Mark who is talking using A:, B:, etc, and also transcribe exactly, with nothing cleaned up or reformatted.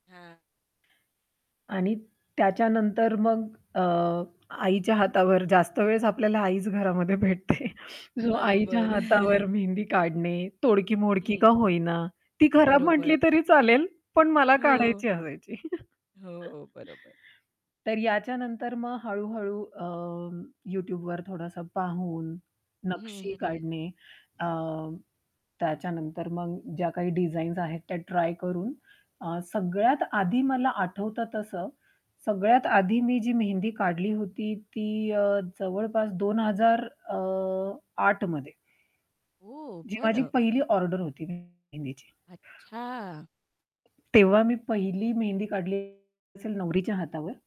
A: हां.
B: आणि त्याच्यानंतर मग अ, आईच्या हातावर जास्त वेळेस आपल्याला आईच घरामध्ये भेटते. जो आईच्या
A: बरोबर.
B: हातावर मेहंदी काढणे, तोडकी मोडकी
A: हं.
B: का होईना, ती खराब
A: बरोबर.
B: म्हंटली तरी चालेल, पण मला
A: हो.
B: काढायची असायची.
A: हो, बरोबर.
B: तर याच्यानंतर मग हळू-हळू अं, YouTubeवर थोडंस पाहून
A: हं,
B: नक्षी
A: हं, हं.
B: काढणे अ, त्याच्यानंतर मग ज्या काही डिझाईन्स आहेत, त्या ट्राय करून अ, सगळ्यात आधी मला आठवतं, तसं सगळ्यात आधी मी जी मेहंदी काढली होती ती अ, जवळपास दोन हजार अ, आठमध्ये.
A: ओह!
B: जी माझी
A: बरं.
B: पहिली ऑर्डर होती मेहंदीची.
A: अच्छा!
B: तेव्हा मी पहिली मेहंदी काढली असेल नवरीच्या हातावर.